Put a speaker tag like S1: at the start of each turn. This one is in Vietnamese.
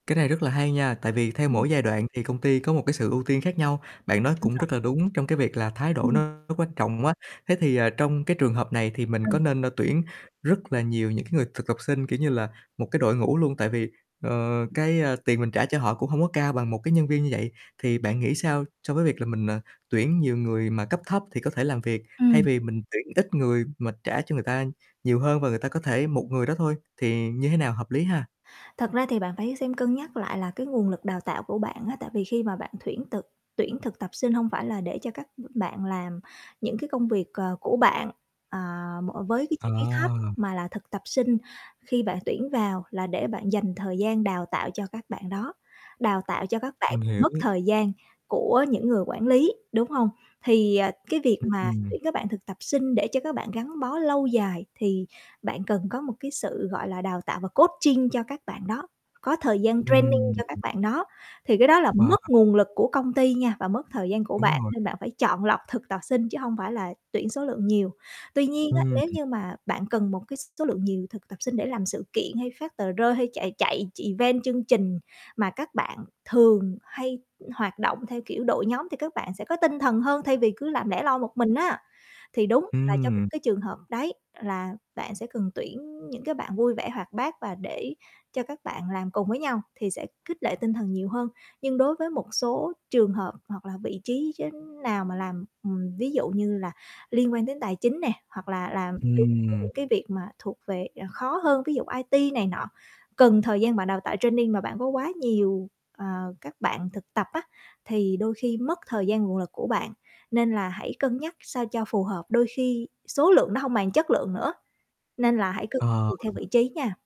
S1: Cái này rất là hay nha, tại vì theo
S2: Ừm.
S1: mỗi giai đoạn thì công ty có một cái sự ưu tiên khác nhau. Bạn nói
S2: Đúng
S1: cũng
S2: rồi.
S1: rất là đúng trong cái việc là thái độ
S2: Ừm.
S1: nó nó quan trọng quá. Thế thì, ờ, trong cái trường hợp này thì mình có
S2: Ừ.
S1: nên, ơ, tuyển rất là nhiều những cái người thực tập sinh, kiểu như là, một cái đội ngũ luôn? Tại vì, ờ, cái, ờ, tiền mình trả cho họ cũng hông có cao bằng một cái nhân viên như vậy. Thì bạn nghĩ sao so với việc là mình, à, tuyển nhiều người mà cấp thấp thì có thể làm việc, thay
S2: Ừm.
S1: vì mình tuyển ít người mà trả cho người ta nhiều hơn và người ta có thể một người đó thôi, thì như thế nào hợp lý ha?
S2: Thật ra thì bạn phải xem cân nhắc lại là cái nguồn lực đào tạo của bạn á, tại vì khi mà bạn tuyển thực tuyển thực tập sinh hông phải là để cho các b bạn làm những cái công việc, ờ, của bạn, à, m với cái
S1: Ờ.
S2: chi phí thấp. Mà là thực tập sinh khi bạn tuyển vào là để bạn dành thời gian đào tạo cho các bạn đó, đào tạo cho các bạn
S1: Mình hiểu.
S2: mất thời gian của những người quản lý, đúng hông? Thì, à, cái việc
S1: Ưm,
S2: mà
S1: ừm.
S2: tuyển các bạn thực tập sinh để cho các bạn gắn bó lâu dài thì bạn cần có một cái sự, gọi là, đào tạo và coaching cho các bạn đó. Có thời gian training cho các
S1: Ừm.
S2: bạn đó thì cái đó là
S1: Mà, à
S2: mất nguồn lực của công ty nha, và mất thời gian của
S1: Đúng
S2: bạn
S1: rồi.
S2: nên bạn phải chọn lọc thực tập sinh chứ hông phải là tuyển số lượng nhiều. Tuy nhiên á,
S1: Ừm,
S2: nếu
S1: ừm.
S2: như mà bạn cần một cái s số lượng nhiều thực tập sinh để làm sự kiện hay phát tờ rơi hay chạy chạy ch event chương trình mà các bạn thường hay hoạt động theo kiểu đội nhóm thì các bạn sẽ có tinh thần hơn thay vì cứ làm lẻ loi một mình á. Thì đúng là trong những
S1: Ừm.
S2: cái trường hợp đấy là bạn sẽ cần tuyển những cái bạn vui vẻ hoạt bát và để cho các bạn làm cùng với nhau thì sẽ khích lệ tinh thần nhiều hơn. Nhưng đối với một số trường hợp hoặc là vị trí, chư nào mà làm ừm, ví dụ như là liên quan đến tài chính nè, hoặc là làm tới tới
S1: Ừm.
S2: những cái việc mà thuộc về, à, khó hơn, ví dụ IT này nọ. Cần thời gian bạn đào tạo training mà bạn có quá nhiều, ờ, các bạn thực tập á, thì đôi khi mất thời gian nguồn lực của bạn, nên là hãy cân nhắc sao cho phù hợp. Đôi khi số lượng nó hông bằng chất lượng nữa, nên là hãy cân nhắc
S1: Ờ.
S2: tùy theo vị trí nha.